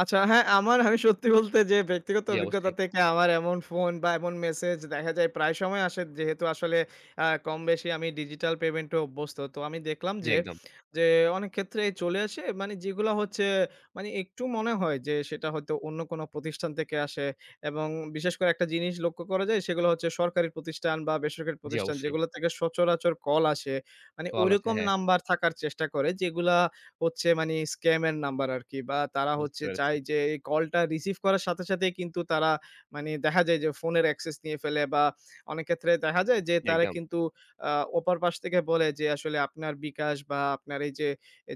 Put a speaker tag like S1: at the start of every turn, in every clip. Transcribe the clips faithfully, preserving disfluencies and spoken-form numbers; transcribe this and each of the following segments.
S1: আচ্ছা, হ্যাঁ, আমার আমি সত্যি বলতে যে ব্যক্তিগত
S2: জি,
S1: অভিজ্ঞতা
S2: অবশ্যই।
S1: থেকে আমার এমন ফোন বা এমন মেসেজ দেখা যায় প্রায় সময় আসে যেহেতু আসলে অ্যা কমবেশি আমি ডিজিটাল পেমেন্ট এ অভ্যস্ত। তো আমি দেখলাম
S2: জি,
S1: যে,
S2: একদম।
S1: যে অনেক ক্ষেত্রেই চলে আসে মানে যেগুলো হচ্ছে মানে একটু মনে হয় যে, সেটা হয়তো অন্য কোনো প্রতিষ্ঠান থেকে আসে এবং বিশেষ করে একটা জিনিস লক্ষ্য করা যায় সেগুলো হচ্ছে, সরকারি প্রতিষ্ঠান বা বেসরকারী
S2: জি,
S1: প্রতিষ্ঠান
S2: অবশ্যই।
S1: যেগুলো থেকে সচরাচর কল আসে। মানে
S2: কল আছে,
S1: ঐরকম
S2: হ্যাঁ।
S1: নাম্বার থাকার চেষ্টা করে যেগুলা হচ্ছে মানে স্কাম এর নাম্বার আরকি বা তারা
S2: বুঝতে
S1: হচ্ছে চায়
S2: পেরেছি।
S1: যে এই কলটা রিসিভ করার সাথে, সাথেই কিন্তু তারা মানে দেখা যায় যে ফোনের অ্যাক্সেস নিয়ে ফেলে বা অনেক ক্ষেত্রে দেহা যায় যে, তারা
S2: একদম।
S1: কিন্তু আ ওপার পাশ থেকে বলে যে আসলে আপনার bKash বা আপনার এইযে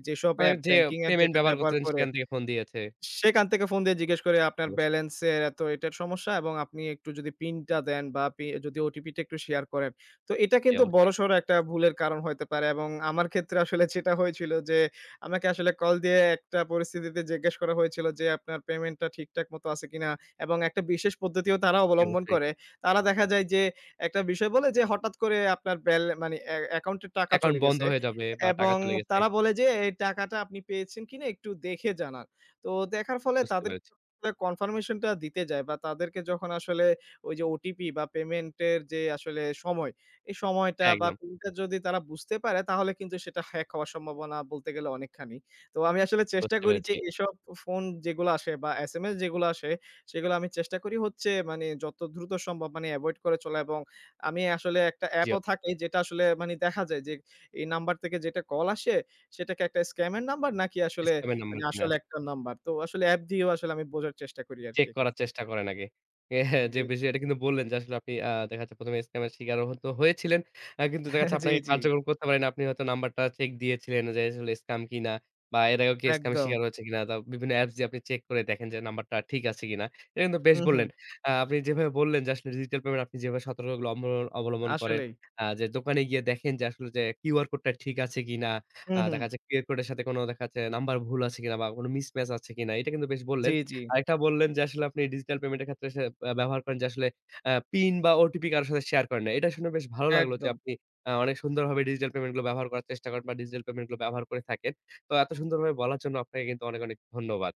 S1: যেসব
S2: মানে
S1: অ্যাপ
S2: যে
S1: ব্যাংকিং অ্যাপ
S2: পেমেন্ট
S1: যেটা
S2: ব্যবহার
S1: ব্যবহার
S2: করতেছেন,
S1: করে
S2: সেখান থেকে ফোন দিয়েছে।
S1: সেখান থেকে ফোন দিয়ে জিজ্ঞেস করে "আপনার
S2: অবশ্যই।
S1: বেলেন্স এর এত এটার সমস্যা এবং আপনি একটু যদি পিনটা দেন বা পি যদি ওটিপিটা একটু শেয়ার করেন।" তো এটা
S2: জি,
S1: কিন্তু
S2: অবশ্যই।
S1: বড়সড় একটা ভুলের কারণ হতে পারে এবং আমার ক্ষেত্রে আসলে যেটা হয়েছিল যে আমাকে আসলে কল দিয়ে একটা পরিস্থিতিতে জিজ্ঞেস করা হয়েছিল যে, "আপনার পেমেন্টটা ঠিকঠাক মত আছে কিনা?" এবং একটা বিশেষ পদ্ধতিও তারা
S2: জি,
S1: অবলম্বন
S2: অবশ্যই।
S1: করে। তারা দেখা যায় যে একটা বিষয় বলে যে, "হঠাৎ করে আপনার বেল মানে এ অ্যাকাউন্টে টাকা
S2: অ্যাকাউন্ট
S1: চলে
S2: বন্ধ
S1: গেছে"
S2: হয়ে যাবে বা টাকা
S1: এবং
S2: চলে গেছে।
S1: তারা বলে যে, "এই টাকাটা আপনি পেয়েছেন কিনা, একটু দেখে জানান।" তো দেখার ফলে
S2: বুঝতে
S1: তাদেরকে
S2: পেরেছি।
S1: কনফার্মেশনটা দিতে যায় বা তাদেরকে যখন আসলে ওই যে ওটিপি বা পেমেন্ট এর যে আসলে সময়, এই সময়টা বা
S2: একদম।
S1: পিনটা যদি তারা বুঝতে পারে তাহলে কিন্তু সেটা হ্যাক হওয়ার সম্ভাবনা বলতে গেলে অনেকখানি। তো আমি আসলে চেষ্টা
S2: বুঝতে
S1: করি যে
S2: পেরেছি।
S1: এসব ফোন যেগুলা আসে বা SMS যেগুলা আসে, সেগুলা আমি চেষ্টা করি হচ্ছে মানে যত দ্রুত সম্ভব মানে এভয়েড করে চলা এবং আমি আসলে একটা
S2: জি অ
S1: অ্যাপও থাকে যেটা আসলে মানি দেখা যায় যে, এই নাম্বার থেকে যেটা কল আসে, সেটা কি একটা স্কামের নাম্বার নাকি আসলে
S2: স্ক্যাম এর
S1: মানে
S2: নাম্বার কিনা।
S1: আসল একটা নাম্বার। তো আসলে অ্যাপ দিয়েও আসলে আমি বোঝার চেষ্টা করি আরকি
S2: চেক করার
S1: এক্ষেত্রে।
S2: চেষ্টা করেন আগে। যে
S1: জি।
S2: এটা কিন্তু বললেন যে আসলে আপনি আ দেখা যাচ্ছে প্রথম এ স্কামের স্বীকারও হত হয়েছিলেন। আ কিন্তু দেখাচ্ছে
S1: জি,
S2: আপনাকে
S1: জি।
S2: কার্যক্রম করতে পারে না। আপনি হয়তো নাম্বারটা চেক দিয়েছিলেন যে, আসলে স্কাম কিনা বা এর আগে কেউ স্কামের স্বীকার
S1: একদম।
S2: হয়েছে কিনা? দা বিভিন্ন অ্যাপস দিয়ে আপনি চেক করে দেখেন যে নাম্বারটা ঠিক আছে কিনা। এটা কিন্তু বেশ
S1: হু,
S2: বললেন।
S1: হু।
S2: অ্যা আপনি যেভাবে বললেন যে ডিজিটাল পেমেন্ট আপনি যেভাবে সতর্কগুলো অব অবলম্বন করেন
S1: আসলেই।
S2: আ যে দোকানে গিয়ে দেখেন যে আসলে যে QR কোডটা ঠিক আছে কিনা।
S1: হুম,
S2: আ
S1: হু।
S2: দেখা যাচ্ছে QR কোডের সাথে দেখাচ্ছে নাম্বার ভুল আছে কিনা বা কোনো মিসম্যাচ আছে কিনা। এটা কিন্তু বেশ
S1: জি,
S2: বললেন।
S1: জি।
S2: আরেকটা বললেন যে আসলে আপনি ডিজিটাল পেমেন্ট এর ক্ষেত্রে সে আ ব্যবহার করেন যে আসলে আ পিন বা ওটিপি কারো সাথে শেয়ার করেন না। এটা শুনে বেশ ভালো লাগলো যে
S1: একদম।
S2: আপনি আ অনেক সুন্দরভাবে ডিজিটাল পেমেন্ট গুলো ব্যবহার করার চেষ্টা করেন বা ডিজিটাল পেমেন্ট গুলো ব্যবহার করে থাকেন। তো এত সুন্দরভাবে বলার জন্য আপনাকে কিন্তু অনেক, অনেক ধন্যবাদ।